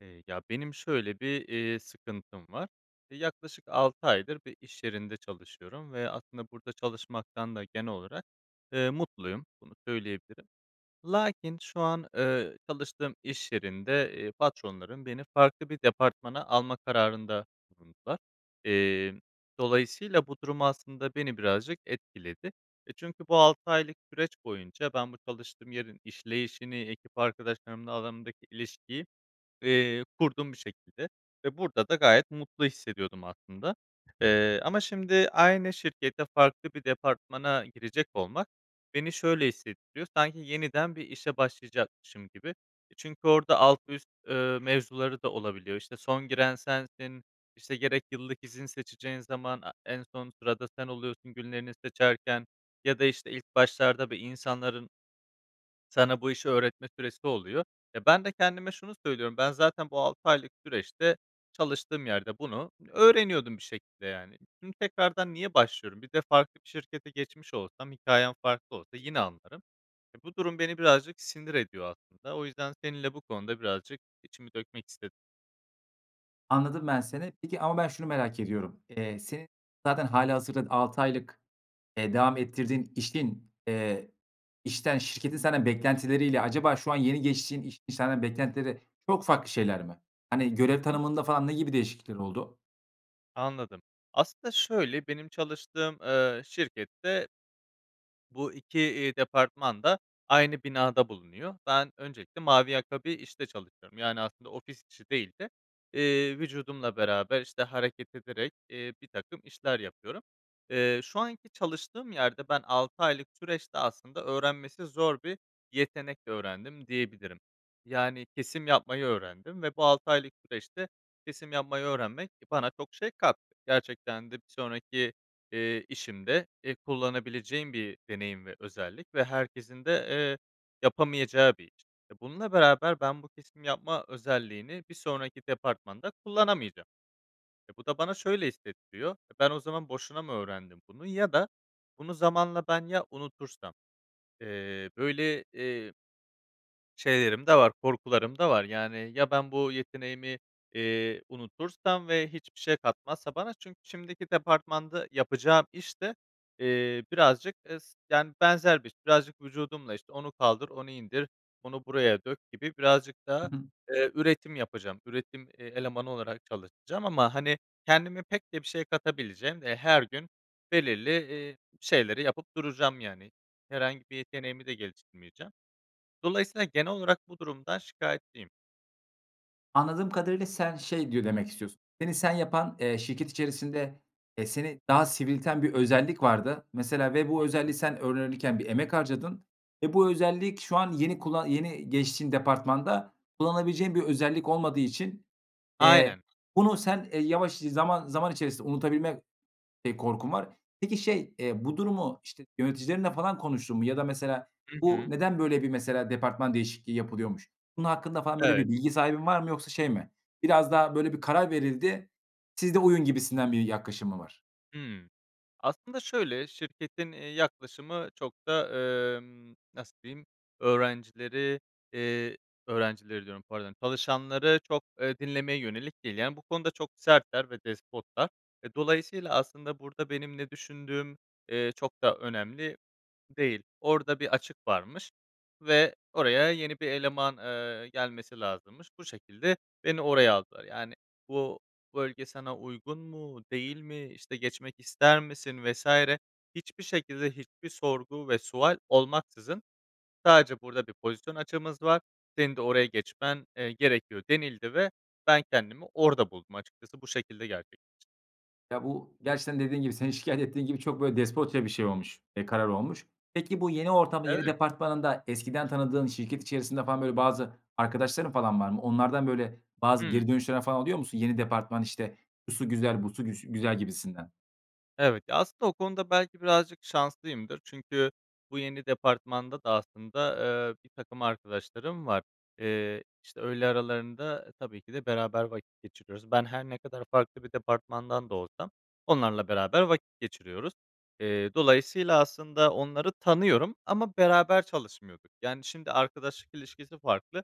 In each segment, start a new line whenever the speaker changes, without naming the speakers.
Eee, ya, benim şöyle bir, eee, sıkıntım var. Eee, yaklaşık 6 aydır bir iş yerinde çalışıyorum ve aslında burada çalışmaktan da genel olarak, eee, mutluyum, bunu söyleyebilirim. Lakin şu an, eee, çalıştığım iş yerinde, eee, patronlarım beni farklı bir departmana alma kararında bulundular. Eee, dolayısıyla bu durum aslında beni birazcık etkiledi. E, çünkü bu 6 aylık süreç boyunca ben bu çalıştığım yerin işleyişini, ekip arkadaşlarımla alanımdaki ilişkiyi, eee, kurdum bir şekilde ve burada da gayet mutlu hissediyordum aslında. Eee, ama şimdi aynı şirkete farklı bir departmana girecek olmak beni şöyle hissettiriyor. Sanki yeniden bir işe başlayacakmışım gibi. E, çünkü orada alt üst, eee, mevzuları da olabiliyor. İşte, son giren sensin, işte, gerek yıllık izin seçeceğin zaman, a en son sırada sen oluyorsun günlerini seçerken ya da, işte, ilk başlarda bir insanların sana bu işi öğretme süresi oluyor. E, ben de kendime şunu söylüyorum. Ben zaten bu 6 aylık süreçte çalıştığım yerde bunu öğreniyordum bir şekilde yani. Şimdi tekrardan niye başlıyorum? Bir de farklı bir şirkete geçmiş olsam hikâyem farklı olsa yine anlarım. E, bu durum beni birazcık sinir ediyor aslında. O yüzden seninle bu konuda birazcık içimi dökmek istedim.
Anladım, ben, seni, peki ama ben şunu merak ediyorum. Eee, senin zaten hâlihazırda 6 aylık, eee, devam ettirdiğin işin, eee, işten şirketin senden beklentileriyle acaba şu an yeni geçtiğin iş iş senden beklentileri çok farklı şeyler mi? Hani
Hı
görev
hı.
tanımında falan ne gibi değişiklikler oldu?
Anladım. Aslında şöyle benim çalıştığım, eee, şirkette bu 2, eee, departman da aynı binada bulunuyor. Ben öncelikle mavi yaka bir işte çalışıyorum. Yani aslında ofis işi değil de, eee, vücudumla beraber, işte, hareket ederek, eee, birtakım işler yapıyorum. Eee, şu anki çalıştığım yerde ben 6 aylık süreçte aslında öğrenmesi zor bir yetenek öğrendim diyebilirim. Yani kesim yapmayı öğrendim ve bu 6 aylık süreçte kesim yapmayı öğrenmek, e, bana çok şey kattı. Gerçekten de bir sonraki, eee, işimde, eee, kullanabileceğim bir deneyim ve özellik ve herkesin de, eee, yapamayacağı bir iş. E, bununla beraber ben bu kesim yapma özelliğini bir sonraki departmanda kullanamayacağım. E, bu da bana şöyle hissettiriyor. E, ben o zaman boşuna mı öğrendim bunu ya da bunu zamanla ben ya unutursam. Eee, böyle, eee, şeylerim de var, korkularım da var. Yani, ya, ben bu yeteneğimi, eee, unutursam ve hiçbir şey katmazsa bana? Çünkü şimdiki departmanda yapacağım iş de, eee, birazcık es yani benzer bir iş, birazcık vücudumla, işte, onu kaldır, onu indir, onu buraya dök gibi birazcık daha,
Hı hı.
eee, üretim yapacağım. Üretim, e elemanı olarak çalışacağım ama, hani, kendime pek de bir şey katabileceğim, eee, her gün belirli, eee, şeyleri yapıp duracağım yani. Herhangi bir yeteneğimi de geliştirmeyeceğim. Dolayısıyla genel olarak bu durumdan şikâyetliyim.
Anladığım kadarıyla sen şey diyo demek istiyorsun, seni sen yapan, eee, şirket içerisinde, eee, seni daha sivrilten bir özellik vardı. Mesela ve bu özelliği
[unintelligible]
sen öğrenirken bir emek harcadın ve bu özellik şu an yeni kulla yeni geçtiğin departmanda kullanabileceğin bir özellik olmadığı için, eee,
Aynen.
bunu sen, eee, yavaş zaman zaman içerisinde unutabilme eee, korkun var. Peki şey, eee, bu durumu, işte, yöneticilerinle falan konuştun mu ya da mesela
Hı
bu
hı.
neden böyle bir, mesela, departman değişikliği yapılıyormuş? Bunun hakkında falan böyle
Evet.
bir bilgi sahibin var mı yoksa şey mi biraz daha böyle bir karar verildi, siz de uyun gibisinden bir yaklaşım mı var?
Hımm. Aslında, şöyle, şirketin, eee, yaklaşımı çok da, emm, nasıl diyeyim, öğrencileri, eee, öğrencileri diyorum pardon çalışanları çok, eee, dinlemeye yönelik değil. Yani bu konuda çok sertler ve despotlar. Eee, dolayısıyla aslında burada benim ne düşündüğüm, eee, çok da önemli değil. Orada bir açık varmış ve oraya yeni bir eleman, eee, gelmesi lazımmış. Bu şekilde beni oraya aldılar. Yani bu bölge sana uygun mu, değil mi, işte, geçmek ister misin vs. hiçbir şekilde hiçbir sorgu ve sual olmaksızın sadece "Burada bir pozisyon açığımız var, senin de oraya geçmen, eee, gerekiyor." denildi ve ben kendimi orada buldum açıkçası bu şekilde gerçekleşti.
Ya, bu gerçekten dediğin gibi, senin şikâyet ettiğin gibi çok, böyle, despotça bir şey olmuş, eee, karar olmuş. Peki, bu yeni ortamda, yeni
Evet.
departmanında eskiden tanıdığın şirket içerisinde falan böyle, bazı arkadaşların falan var mı? Onlardan, böyle bazı geri
Hımm.
dönüşler falan alıyor musun? Yeni departman, işte, şusu güzel, busu güs güzel gibisinden?
Evet. Ya, aslında o konuda belki birazcık şanslıyımdır. Çünkü bu yeni departmanda da aslında, eee, birtakım arkadaşlarım var. Eee, işte, öğle aralarında tabii ki de beraber vakit geçiriyoruz. Ben her ne kadar farklı bir departmandan da olsam onlarla beraber vakit geçiriyoruz. Eee, dolayısıyla aslında onları tanıyorum ama beraber çalışmıyorduk. Yani, şimdi arkadaşlık ilişkisi farklı,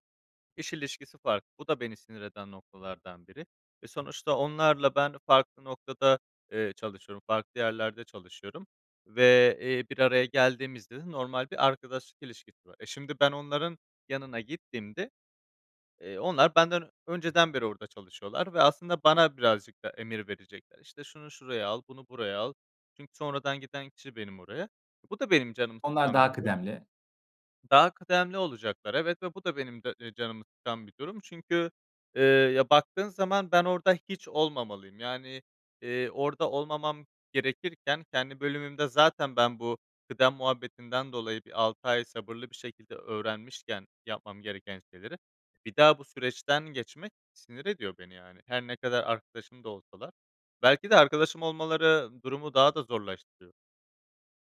iş ilişkisi farklı. Bu da beni sinir eden noktalardan biri ve sonuçta onlarla ben farklı noktada, eee, çalışıyorum, farklı yerlerde çalışıyorum ve, eee, bir araya geldiğimizde de normal bir arkadaşlık ilişkisi var. E, şimdi ben onların yanına gittiğimde, eee, onlar benden önceden beri orada çalışıyorlar ve aslında bana birazcık da emir verecekler. İşte, şunu şuraya al, bunu buraya al. Çünkü sonradan giden kişi benim oraya. Bu da benim canımı
Onlar
sıkan bir
daha
durum.
kıdemli.
Daha kıdemli olacaklar, evet, ve bu da benim de, eee, canımı sıkan bir durum çünkü, eee, ya, baktığın zaman ben orada hiç olmamalıyım. Yani, eee, orada olmamam gerekirken kendi bölümümde zaten ben bu kıdem muhabbetinden dolayı bir 6 ay sabırlı bir şekilde öğrenmişken yapmam gereken şeyleri, bir daha bu süreçten geçmek sinir ediyor beni, yani, her ne kadar arkadaşım da olsalar. Belki de arkadaşım olmaları durumu daha da zorlaştırıyor.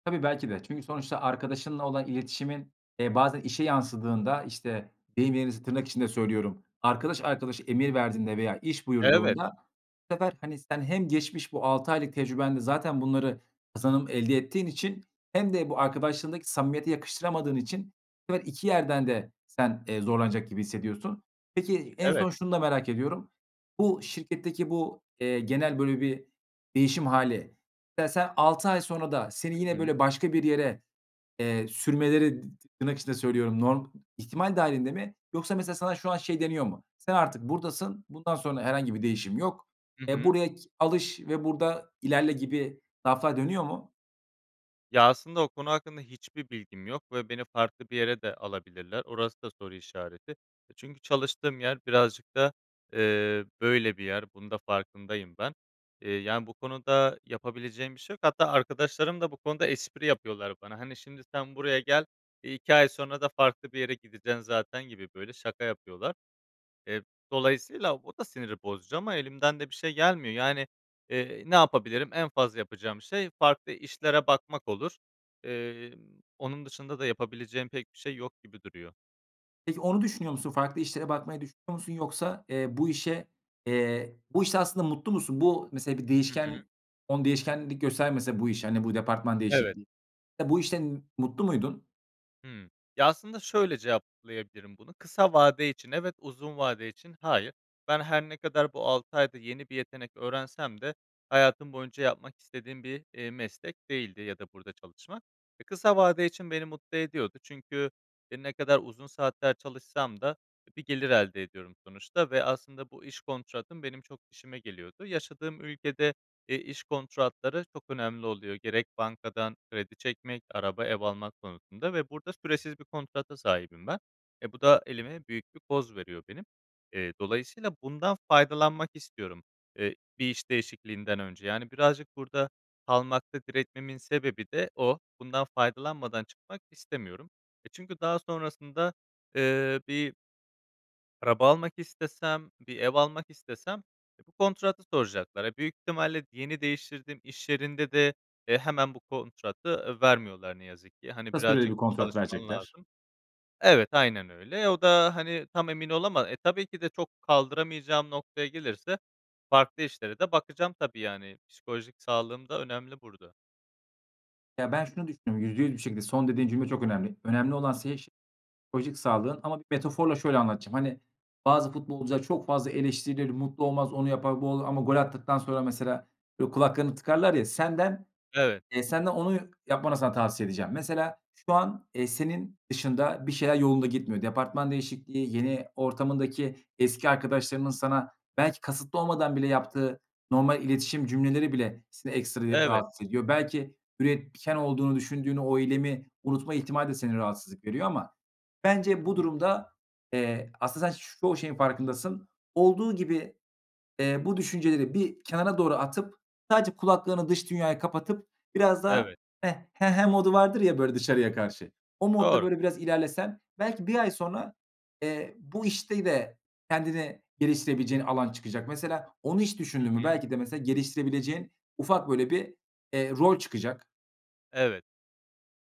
Tabii, belki de. Çünkü sonuçta arkadaşınla olan iletişimin, eee, bazen işe yansıdığında, işte, deyim yerindeyse tırnak içinde söylüyorum: "Arkadaş arkadaşa emir verdiğinde veya iş
Evet.
buyurduğunda" bu sefer, hani, sen hem geçmiş bu 6 aylık tecrübenle zaten bunları kazanım elde ettiğin için hem de bu arkadaşlığındaki samimiyete yakıştıramadığın için bu sefer 2 yerden de sen, eee, zorlanacak gibi hissediyorsun. Peki en
Evet.
son şunu da merak ediyorum: Bu şirketteki bu, eee, genel, böyle, bir değişim hâli veya sen 6 ay sonra da seni
Hı
yine,
hı.
böyle, başka bir yere, eee, "sürmeleri" dı ti tırnak içinde söylüyorum. "Norm ihtimal dâhilinde mi" yoksa mesela sana şu an şey deniyor mu: "Sen artık buradasın, bundan sonra herhangi bir değişim yok.
Hı
Eee,
hı.
buraya ki alış ve burada ilerle." gibi laflar dönüyor mu?
Ya, aslında o konu hakkında hiçbir bilgim yok ve beni farklı bir yere de alabilirler. Orası da soru işareti. Çünkü çalıştığım yer birazcık da, eee, böyle, bir yer, bunu da farkındayım ben. Eee, yani, bu konuda yapabileceğim bir şey yok hatta arkadaşlarım da bu konuda espri yapıyorlar bana. "Hani, şimdi sen buraya gel, iii, 2 ay sonra da farklı bir yere gideceksin zaten." gibi böyle şaka yapıyorlar. Eee, dolayısıyla o da siniri bozucu ama elimden de bir şey gelmiyor. Yani, eee, ne yapabilirim? En fazla yapacağım şey farklı işlere bakmak olur. Emm, onun dışında da yapabileceğim pek bir şey yok gibi duruyor.
Peki onu düşünüyor musun? Farklı işlere bakmayı düşünüyor musun? Yoksa, eee, bu işe, eee, bu işte aslında mutlu musun? Bu mesela bir
Hı hı.
değişken on değişkenlik göstermese bu iş, hani, bu departman
Evet.
değişikliği, bu işten mutlu muydun?
Hımm. Ya aslında şöyle cevaplayabilirim bunu, kısa vade için evet, uzun vade için hayır. Ben her ne kadar bu 6 ayda yeni bir yetenek öğrensem de hayatım boyunca yapmak istediğim bir, eee, meslek değildi ya da burada çalışmak. Kısa vade için beni mutlu ediyordu çünkü, eee, ne kadar uzun saatler çalışsam da bir gelir elde ediyorum sonuçta ve aslında bu iş kontratım benim çok işime geliyordu. Yaşadığım ülkede, eee, iş kontratları çok önemli oluyor. Gerek bankadan kredi çekmek, araba, ev almak konusunda ve burada süresiz bir kontrata sahibim ben. E, bu da elime büyük bir koz veriyor benim. Eee, dolayısıyla bundan faydalanmak istiyorum, eee, bir iş değişikliğinden önce. Yani birazcık burada kalmakta diretmemin sebebi de o. Bundan faydalanmadan çıkmak istemiyorum, eee, çünkü daha sonrasında, ııı, bir araba almak istesem, bir ev almak istesem bu kontratı soracaklar. Ya büyük ihtimalle yeni değiştirdim, iş yerinde de, eee, hemen bu kontratı vermiyorlar ne yazık ki. Hani
Kısa süreli
birazcık
bir kontrat
çalışman
verecekler.
lazım. Evet, aynen öyle. O da, hani, tam emin olama E, tabii ki de çok kaldıramayacağım noktaya gelirse farklı işlere de bakacağım tabii yani. Psikolojik sağlığım da önemli burada.
Ya ben şunu düşündüm, %100 bir şekilde son dediğin cümle çok önemli. Önemli olan senin ş psikolojik sağlığın ama bir metaforla şöyle anlatacağım, hani, bazı futbolcular çok fazla eleştirilir, mutlu olmaz, onu yapar, bu olur ama gol attıktan sonra, mesela, böyle kulaklarını tıkarlar ya, senden,
Evet.
eee, senden onu yapmanı sana tavsiye edeceğim. Mesela, şu an, eee, senin dışında bir şeyler yolunda gitmiyor. Departman değişikliği, yeni ortamındaki eski arkadaşlarının sana belki kasıtlı olmadan bile yaptığı normal iletişim cümleleri bile seni ekstra yı
Evet.
rahatsız ediyor. Belki üretken olduğunu düşündüğün o eylemi unutma ihtimali de seni rahatsızlık veriyor ama
Hı
bence bu
hı.
durumda, eee, aslında sen, ş çoğu şeyin farkındasın. Olduğu gibi, eee, bu düşünceleri bir kenara doğru atıp, sadece kulaklarını dış dünyaya kapatıp biraz daha,
Evet.
"heh, he he" modu vardır ya böyle dışarıya karşı, o modda
Doğru.
böyle biraz ilerlesen, belki 1 ay sonra, eee, bu işte de kendini geliştirebileceğin alan çıkacak. Mesela, onu hiç
Hı
düşündün mü,
hı.
belki de, mesela, geliştirebileceğin ufak böyle bir, eee, rol çıkacak.
Evet.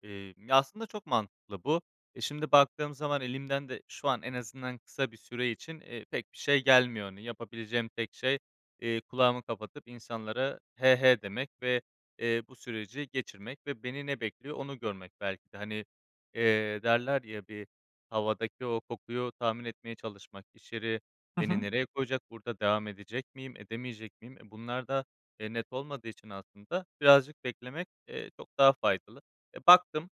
Emm, ya, aslında çok mantıklı bu. E, şimdi baktığım zaman elimden de şu an en azından, kısa bir süre için, eee, pek bir şey gelmiyor. Hani, yapabileceğim tek şey, eee, kulağımı kapatıp, insanlara, "he he" demek ve, eee, bu süreci geçirmek ve beni ne bekliyor onu görmek belki de. Hani, eee, derler ya bir, "Havadaki o kokuyu tahmin etmeye çalışmak." İş yeri
Hı
beni
hı.
nereye koyacak, burada devam edecek miyim, edemeyecek miyim, e, bunlar da, eee, net olmadığı için aslında birazcık beklemek, eee, çok daha faydalı. E, baktım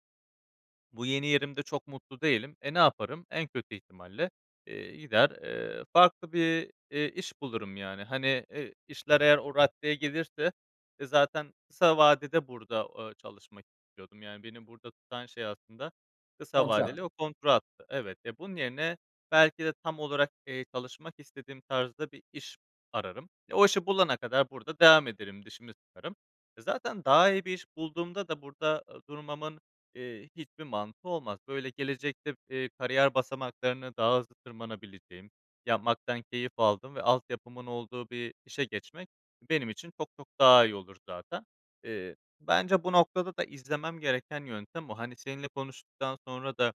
bu yeni yerimde çok mutlu değilim. E, ne yaparım? En kötü ihtimalle, eee, gider, eee, farklı bir, eee, iş bulurum, yani. Hani, eee, işler eğer o raddeye gelirse, e, zaten kısa vadede burada, ııı, çalışmak istiyordum. Yani beni burada tutan şey aslında kısa
Kontrat.
vadeli o kontrattı. Evet. Ya, bunun yerine belki de tam olarak, eee, çalışmak istediğim tarzda bir iş ararım ve o işi bulana kadar burada devam ederim, dişimi sıkarım. E, zaten daha iyi bir iş bulduğumda da burada, ııı, durmamın, eee, hiçbir mantığı olmaz. Böyle, gelecekte, eee, kariyer basamaklarını daha hızlı tırmanabileceğim, yapmaktan keyif aldığım ve altyapımın olduğu bir işe geçmek benim için çok çok daha iyi olur zaten. Eee, bence bu noktada da izlemem gereken yöntem o. Hani, seninle konuştuktan sonra da,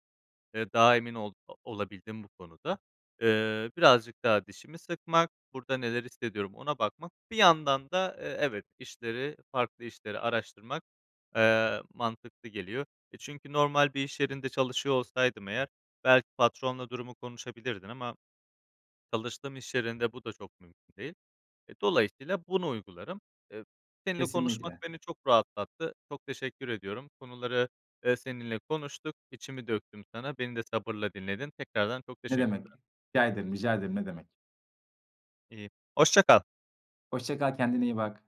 eee, daha emin ol olabildim bu konuda. Eee, birazcık daha dişimi sıkmak, burada neler hissediyorum ona bakmak. Bir yandan da, eee, evet işleri, farklı işleri araştırmak, eee, mantıklı geliyor. E, çünkü normal bir iş yerinde çalışıyor olsaydım eğer belki patronla durumu konuşabilirdin ama çalıştığım iş yerinde bu da çok mümkün değil. Eee, dolayısıyla bunu uygularım. Eee, seninle konuşmak
Kesinlikle.
beni çok rahatlattı. Çok teşekkür ediyorum. Konuları, eee, seninle konuştuk. İçimi döktüm sana. Beni de sabırla dinledin. Tekrardan çok
Ne demek.
teşekkürler.
Rica ederim, rica ederim. Ne demek.
İii, hoşça kal!
Hoşça kal, kendine iyi bak!